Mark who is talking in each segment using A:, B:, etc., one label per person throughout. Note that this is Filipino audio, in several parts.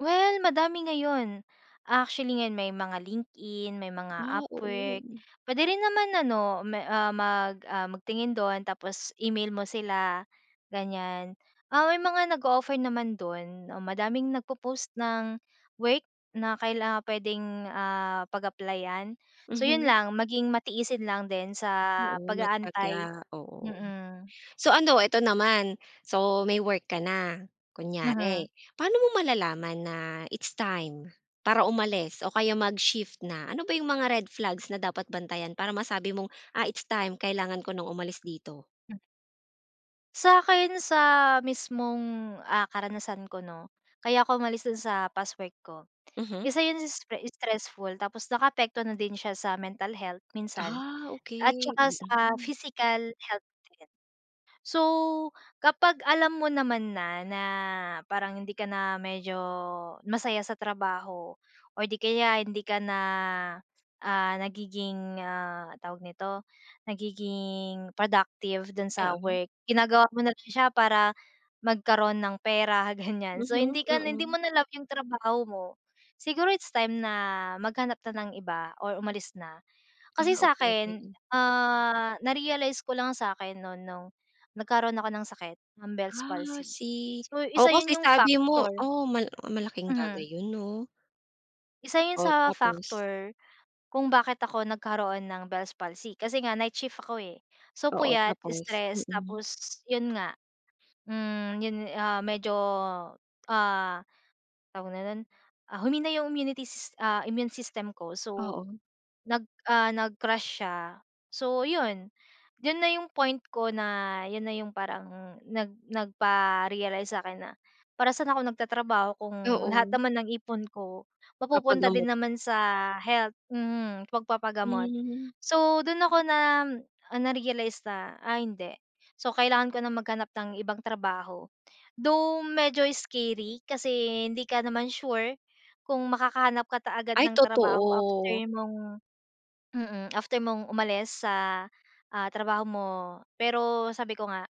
A: Well, madami ngayon. Actually, ngayon may mga LinkedIn, may
B: Ah,
A: mga Upwork,
B: oo.
A: puwede rin naman ano me ah, mag ah, magtingin doon tapos e-mail mo sila, ganyan. Ah, may mga nag-o-offer naman doon oh, madaming nagpo-post ng work, na kailang puwedeng ah, pag-applyan. So 'yun
B: Mhm.
A: lang, maging matiisin lang din sa
B: Oo,
A: pag-aantay,
B: matiyaga, oo.
A: mm.
B: So ano, eto naman. So, may work ka na
A: Mhm.
B: kunyari, paano mo malalaman na it's time para umalis o kaya mag-shift na. Ano ba 'yong mga red flags na dapat bantayan para masabi mong, "Ah, it's time. Kailangan ko ng umalis dito."
A: Sa akin, sa mismong, ah, karanasan ko, 'no. Kaya ako umalis dun sa past work ko,
B: Mhm.
A: isa 'yung s stressful tapos nakaapekto na din siya sa mental health minsan
B: Ah,
A: at
B: okey,
A: saka sa
B: mm.
A: physical health din. So, kapag alam mo naman na, na parang hindi ka na medyo masaya sa trabaho or 'di kaya hindi ka na, ah, nagiging, ah, tawag nito, nagiging productive dun sa
B: Oo.
A: work. Ginagawa mo na lang siya para magkaroon ng pera, ganyan. So,
B: Mhm,
A: hindi ka na, hindi
B: mm.
A: mo na love 'yung trabaho mo. Siguro it's time na maghanap na ng iba or umalis na.
B: Ah,
A: Kasi sa
B: okey.
A: akin, ah, na-realize ko lang sakin noon noong nagkaroon ako ng sakit, ng Bell's
B: Ah,
A: palsy.
B: see.
A: So,
B: Oo,
A: isa 'yun,
B: kasi
A: 'yung
B: sabi mo
A: factor
B: oh, mala malaking bagay
A: Hmm.
B: 'yun, 'no?
A: Isa 'yun
B: Oh,
A: sa
B: tapos?
A: factor kung bakit ako nagkaroon ng Bell's palsy, kasi nga night shift ako eh. So,
B: Oo,
A: puyat,
B: tapos?
A: stress
B: Mm.
A: tapos 'yun nga, hmm, 'yun, ah, medyo, ah, tawag na nun ah, humina 'yung immunity sys ah, immune system ko. So
B: Oo.
A: nag ah, nag crash siya. So 'yun, 'yun na 'yung point ko na 'yun na 'yung parang nag nagparealize sa akin na para saan ako nagtatrabaho kung lahat
B: Oo.
A: naman ng ipon ko mapupunta din
B: Papagamot.
A: naman sa health, mm, pagpapagamot.
B: Hmm.
A: So doon ako na narealize na, ay hindi. So, kailangan ko nang maghanap ng ibang trabaho. Though, medyo scary kasi hindi ka naman sure kung makakahanap ka ta agad
B: Ay,
A: ng trabaho after
B: totoo.
A: mong mm, after mong umalis sa, ah, trabaho mo. Pero sabi ko nga,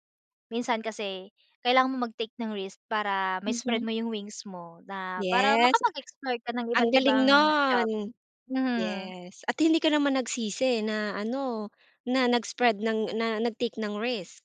A: minsan kasi kailangan mo mag-take ng risk para ma spread
B: Mhm.
A: mo 'yung wings mo na para
B: Yes,
A: makapag-explore ka ng
B: ang galing
A: iba't-ibang job,
B: noon!
A: mhm.
B: Yes, at hindi ka naman nagsisi na ano, na nag spread ng na, nag-take ng risk.